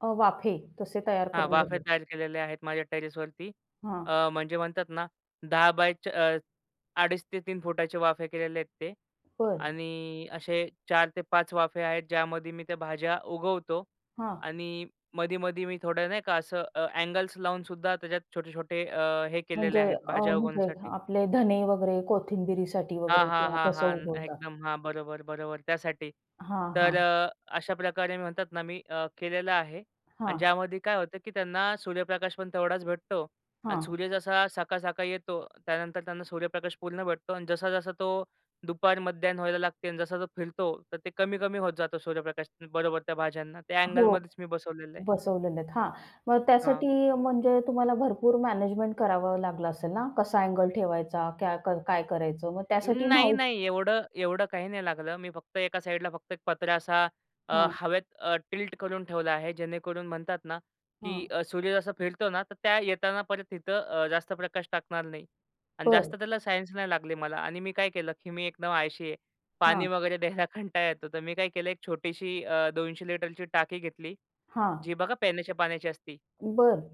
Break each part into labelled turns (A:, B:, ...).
A: अ, वाफे तसे तयार
B: हां.
A: करून
B: वाफे
A: घेतले.
B: तयार केलेले आहेत माझ्या टेरेसवरती.
A: हां.
B: अ, म्हणजे म्हणतात ना 10 बाय च अ, 2.5-3 फुटाचे वाफे केलेले आहेत ते
A: बरं.
B: आणि असे 4 ते 5 वाफे आहेत, ज्यामध्ये मी त्या भाज्या उगवतो
A: हां.
B: आणि मधी-मधी मी थोडं नाही का असं अ, अँगल्स लावूनसुद्धा त्याच्यात छोटे-छोटे अ, हे केलेले
A: म्हणजे
B: आहेत,
A: अ,
B: भाज्या
A: म्हणजे
B: उगवण्यासाठी.
A: आपले धने वगैरे, कोथिंबिरीसाठी
B: हां,
A: वगैरे
B: हां,
A: किंवा
B: हां,
A: तसं
B: हां.
A: उगवतात?
B: एकदम हां, बरोबर, बरोबर, त्यासाठी.
A: हां,
B: तर
A: हां.
B: अ, अशा प्रकारे मी म्हणतात ना, मी अ, केलेलं आहे आणि
A: हां.
B: ज्यामध्ये काय होतं, की त्यांना सूर्यप्रकाशपण तेवढाच भेटतो अन्
A: हां.
B: सूर्य जसा सकाळ-सकाळी येतो, त्यानंतर त्यांना सूर्यप्रकाश पूर्ण भेटतो अन् जसा-जसा तो दुपार मध्याह्न व्हायला लागते अन् जसा तो फिरतो, तर ते कमी-कमी होत जातो सूर्यप्रकाश. बरोबर. त्या भाज्यांना त्या
A: हो,
B: अँगलमध्येच मी बसवलेलं आहे.
A: बसवलेले आहेत. हां. मग त्यासाठी
B: हां.
A: म्हणजे तुम्हाला भरपूर मॅनेजमेंट करावं लागलं असेल ना, कसा अँगल ठेवायचा, क्या क काय करायचं? मग
B: उं,
A: त्यासाठी
B: नाही,
A: माहिती
B: नाही. एवढं एवढं काही नाही लागलं. मी फक्त एका साइडला फक्त एक पत्रा असा अ,
A: हां.
B: हवेत अ, टिल्ट करून ठेवला आहे, जेणेकरून म्हणतात ना, की
A: हां.
B: अ, सूर्य जसा फिरतो ना, तर त्या येताना परत तिथं अ, जास्त प्रकाश टाकणार नाही अन्
A: बरं.
B: जास्त त्याला सायन्स नाही लागली मला आणि मी काय केलं, की मी एकदम आळशी आहे. पाणी
A: हां.
B: वगैरे द्यायला कंटाळा येतो, तर मी काय केलं 1 छोटीशी अ, 200 लीटरची टाकी घेतली.
A: हां.
B: जी बघा पिण्याच्या पाण्याची असती.
A: बरं.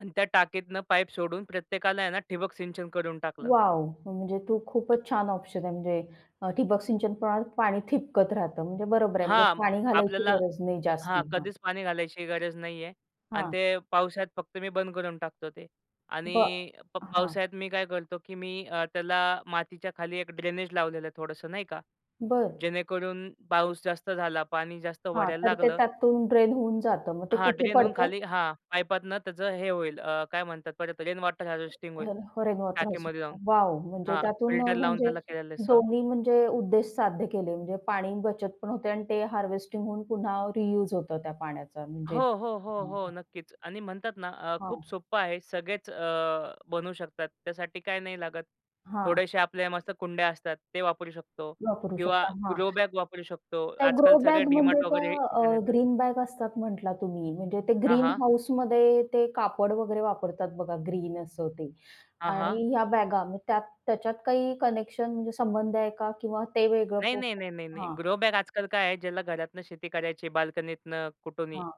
B: अन् त्या टाकीतनं पाईप सोडून प्रत्येकाला आहे ना ठिबक सिंचन करून टाकलं.
A: वॉव! म्हणजे तो खूपच छान ऑप्शन आहे, म्हणजे अ, ठिबक सिंचन प्रमाणात पाणी ठिबकत राहतं, म्हणजे बरोबर आहे, म्हणजे
B: हां,
A: पाणी घालायची
B: आपल्याला
A: गरज नाही
B: हां,
A: जास्ती, हं.
B: कधीच पाणी घालायची गरज नाहीये अन्
A: हां.
B: ते पावसाळ्यात फक्त मी बंद करून टाकतो ते
A: ब
B: आणि प
A: हां.
B: पावसाळ्यात मी काय करतो, की मी अ, त्याला मातीच्या खाली एक ड्रेनेज लावलेलं आहे थोडंसं नाही का,
A: बरं.
B: जेणेकरून पाऊस जास्त झाला, पाणी जास्त
A: हां.
B: भरायला
A: तर ते
B: लागलं
A: त्यातून ड्रेन होऊन जातं मग ते
B: हां,
A: कुठे
B: ड्रेन होऊन
A: पडतं?
B: खाली हां, पाईपातून त्याचं हे होईल, अ, काय म्हणतात परत रेन वॉटर हार्वेस्टिंग होईल
A: [unintelligible] रेन वॉटर
B: टाकीमध्ये जाऊन.
A: हार्वेस्टिंग. वॉव! म्हणजे
B: हां,
A: त्यातून अ,
B: फिल्टर लावून
A: म्हणजे
B: त्याला केलेलं आहे साफ.
A: दोन्ही म्हणजे उद्देश साध्य केले म्हणजे पाणी बचतपण होते आणि ते हार्वेस्टिंग होऊन पुन्हा रियुज होतं त्या पाण्याचा म्हणजे.
B: हो, हो, हो,
A: हं,
B: हो.
A: हं.
B: नक्कीच आणि म्हणतात ना अ, खूप
A: हां.
B: सोप्पं आहे. सगळेच अ, बनवू शकतात, त्यासाठी काय नाही लागत,
A: हां.
B: थोड्याशा आपल्या मस्त कुंड्या असतात ते वापरू शकतो
A: वापरू
B: किंवा
A: शकता. हां,
B: ग्रो बॅग वापरू शकतो.
A: त्या
B: आजकाल
A: ग्रो
B: सगळे
A: बॅग
B: डी
A: म्हणजे
B: मार्ट
A: त्या
B: वगैरे तिथं
A: अ,
B: येतात.
A: ग्रीन बॅग असतात म्हटलात तुम्ही म्हणजे ते
B: हां,
A: ग्रीन
B: हां.
A: हाउसमध्ये ते कापड वगैरे वापरतात बघा ग्रीन असं ते
B: हां, हां.
A: आणि ह्या बॅगा मग त्यात त्याच्यात काही कनेक्शन म्हणजे संबंध आहे का किंवा ते वेगळं
B: नाही, नाही,
A: [unintelligible]
B: नाही, नाही, नाही.
A: हां.
B: ग्रो बॅग आजकाल काय आहे, ज्याला घरातनं शेती करायची आहे बाल्कनीतनं, कुठूनही,
A: हां,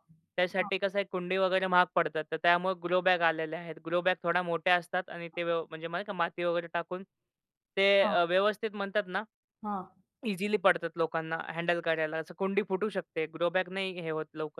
A: हां.
B: त्यासाठी कसं आहे कुंडी वगैरे महाग पडतात, तर त्यामुळे ग्रो बॅग आलेल्या आहेत. ग्रो बॅग थोड्या मोठ्या असतात आणि ते व्यव म्हणजे माती वगैरे टाकून ते
A: हां.
B: अ, व्यवस्थित म्हणतात ना
A: हां.
B: इझिली पडतात लोकांना हँडल करायला असं. कुंडी फुटू शकते, ग्रो बॅग नाही हे होत लवकर.